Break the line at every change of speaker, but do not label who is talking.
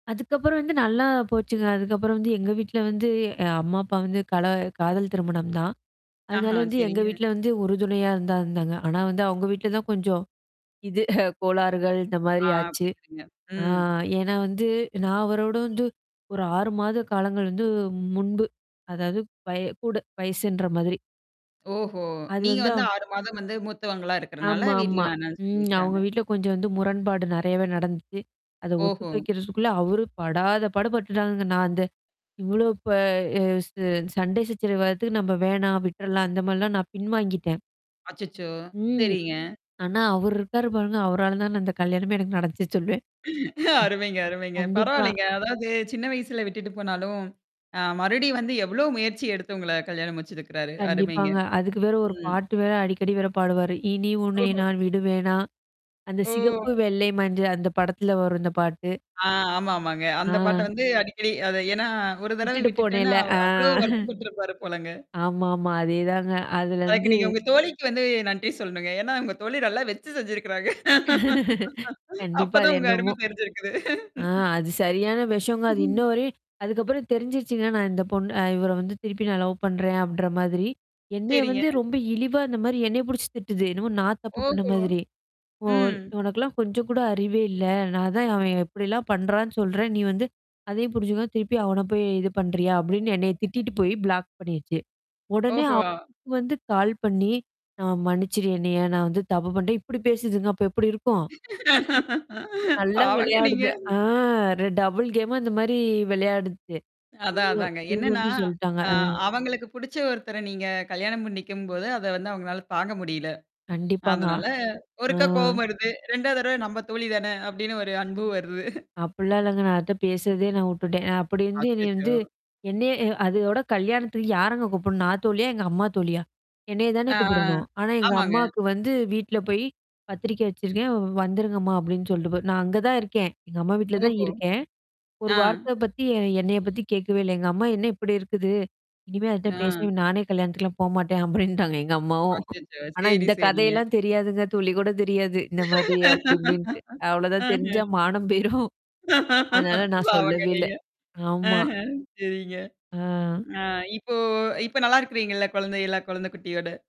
அதுக்கப்புறம் வந்து நல்லா போச்சுங்க. அதுக்கப்புறம் வந்து எங்க வீட்ல வந்து அ அம்மா அப்பா வந்து கல காதல் திருமணம் தான். அதனால
ஆஹா,
வந்து எங்க
சரிங்க.
வீட்ல வந்து உறுதுணையா இருந்தா இருந்தாங்க. ஆனா வந்து அவவுங்க வீட்ல தான் கொஞ்சம், இது கோளாறுகள் இந்த மாதிரி
ஆ
ஆச்சு.
புரியதுங்க.
ஆ
ம்.
ஏன்னா வந்து நான் அவரோட வந்து ஒரு 6 மாத காலங்கள் வந்து முன்பு. அதாவது பய கூட வயசுன்ற மாதிரி.
ஓஹோ!
அது
நீங்க
வந்து
வந்து
அவுங்
6 மாதம் வந்து மூத்தவங்களா இருக்கறனால வீட்ல
ஆமாமா.
வேணாம்னு
ம். அவங்க
சொல்லிருக்கிறாங்க.
வீட்ல கொஞ்சம் வந்து முரண்பாடு நறையவே நடந்துச்சு. அத ஒத்துக்க
ஓஹோ!
வைக்கிறதுக்குள்ள அவரு படாத பட பட்டுட்டாங்கங்க. நான் அந்த இவ்ளோ ப அ ச சண்டை சச்சரவு வறத்துக்கு நம்ம வேணாம் விட்டுறலாம். அந்த மாரிலாம் நான் பின்வாங்கிட்டேன்.
அச்சச்சோ!
ம்.
சரிங்க.
ஆனா அவர் இருக்காரு பாருங்க. அவரால தான் நான் இந்த கல்யாணமே எனக்கு நடச்சு சொல்வேன்.
அருமைங்க,
ம்.
அருமைங்க.
கண்டிப்பா.
பரவாயில்லங்க. அதாவது சின்ன வயசுல விட்டுட்டு போனாலும், ஆ மறுபடியும் வந்து எவ்ளோ முயற்சி எடுத்து உங்கள கல்யாணம் முடிச்சுருக்கறாரு! அருமைங்க.
கண்டிப்பாங்க. அதுக்கு வேற ஒரு
ம்.
பாட்டு வேற அடிக்கடி வேற பாடுவாரு. இனி உன்னை
ஓஹோ!
நான் விடு வேணா. அந்த சிகப்பு
ஓ!
வெள்ளை மஞ்ச அந்த படத்துல வரும் இந்த பாட்டு
ஆ ஆமா, ஆமாங்க.
ஆ.
அந்த பாட்ட வந்து அடிக்கடி அது ஏன்னா ஒரு தடவை
விட்டுட்டு
விட்டுட்டேன்னா
போனேல. ஆ.
அவ்வளோ வருத்தப்பட்டுருப்பாரு போலங்க.
ஆமாமா. அதேதாங்க.
அதுக்கு
அதுலருந்து
நீங்க உங்க தோழிக்கு வந்து நன்றி சொல்லனுங்க. ஏன்னா உங்க தோழி நல்லா வெச்சு செஞ்சிருக்கிறாங்க. அப்ப
கண்டிப்பா. அது
தான் உங்க அருமை
என்னமோ
தெரிஞ்சிருக்குது.
ஆ அது சரியான வெஷங்க. அது இன்னும் வரையும் அதுக்கப்புறம் தெரிஞ்சுருச்சுங்க. நான் இந்த பொண்ண இவர வந்து திருப்பி நான் லவ் பண்றேன் அப்பின்ற மாதிரி. என்னைய
சரிங்க.
வந்து ரொம்ப இழிவா அந்த மாரி என்னய புடிச்சு திட்டுது. என்னமோ நான் தப்பு பண்ண
ஓஹோ!
மாதிரி. "ஓ
ம்.
உனக்கெல்லாம் கொஞ்சம் கூட அறிவே இல்ல. நான் தான் அவன் இப்படிலாம் பண்றான்னு சொல்றேன். நீ வந்து. அதே புரிஞ்சுங்க திருப்பி அவன போய் இது பண்றியா?" அப்டின்னு என்னைய திட்டிட்டு போய் பிளாக் பண்ணிருச்சு. உடனே அவ
ஓஹோ!
வந்து கால் பண்ணி, "நான் மன்னிச்சுரு என்னய நான் வந்து தப்பு பண்ணிட்டேன்." இப்படி பேசதுங்க. அப்ப எப்படி இருக்கும்? நல்லா
பாவங்க நீங்க.
விளையாடுது. ஆ டபுள் கேமா இந்த மாரி விளையாடுது.
அதான்,
இவங்க
அதாங்க.
இவங்க
என்னன்னா,
வந்து சொல்லட்டாங்க.
ஆ
ம்.
அவங்களுக்கு புடிச்ச ஒருத்தர நீங்க கல்யாணம் பண்ணிக்கும்போது, அத வந்து அவங்களால தாங்க முடியல.
கண்டிப்பாங்க.
அதனால
ஆ.
ஒருக்கா கோவம் வருது. 2ஆவது தடவை நம்ப தோழி தான அப்படின்னு ஒரு அன்பு வருது.
அப்டிலாம் இல்லங்க. நான் அதுட்ட பேசுறதே நான் விட்டுட்டேன். நான் அப்படி வந்து என்னைய
அச்சச்சோ!
வந்து என்னைய அதோட கல்யாணத்துக்கு யாரங்க கூப்பிடணும்? நான் தோழியா? எங்க அம்மா தோழியா? என்னைய தானே
ஆ.
கூப்பிடணும். ஆனா எங்க
ஆமாங்க.
அம்மாக்கு வந்து வீட்ல போய் "பத்திரிக்கை வச்சிருக்கேன். வந்துருங்கம்மா" அப்டின்னு சொல்ட்டு போகுது, நான் அங்க தான் இருக்கேன். எங்க அம்மா வீட்ல தான்
ஓஹோ!
இருக்கேன்.
ஆ.
ஒரு வார்த்த பத்தி என்னைய பத்தி கேட்கவே இல்ல. எங்க அம்மா "என்ன இப்படி இருக்குது? இனிமே அதுட்ட
ஆ.
பேசாத! நானே கல்யாணத்துக்குலாம் போமாட்டேன்" அப்டின்ட்டாங்க. எங்க அம்மாவும்.
அச்சச்சோ!
ஆனா,
சரி,
இந்த
சரிங்க.
கதையெல்லாம் தெரியாதுங்க. துளி கூட தெரியாது இந்த மாரி அப்படி இப்டின்ட்டு. அவ்வளோதான்
ஆஹ.
தெரிஞ்சா மானம் போயிரும். அதனால நான்
பாவங்க
சொல்லவேல்ல.
நீங்க.
ஆமா.
ஆஹ சரிங்க.
ஆ.
ஆ. இப்போ இப்ப நல்லா இருக்குறீங்கல்ல குழந்தையல்லாம், குழந்தை குட்டியோட?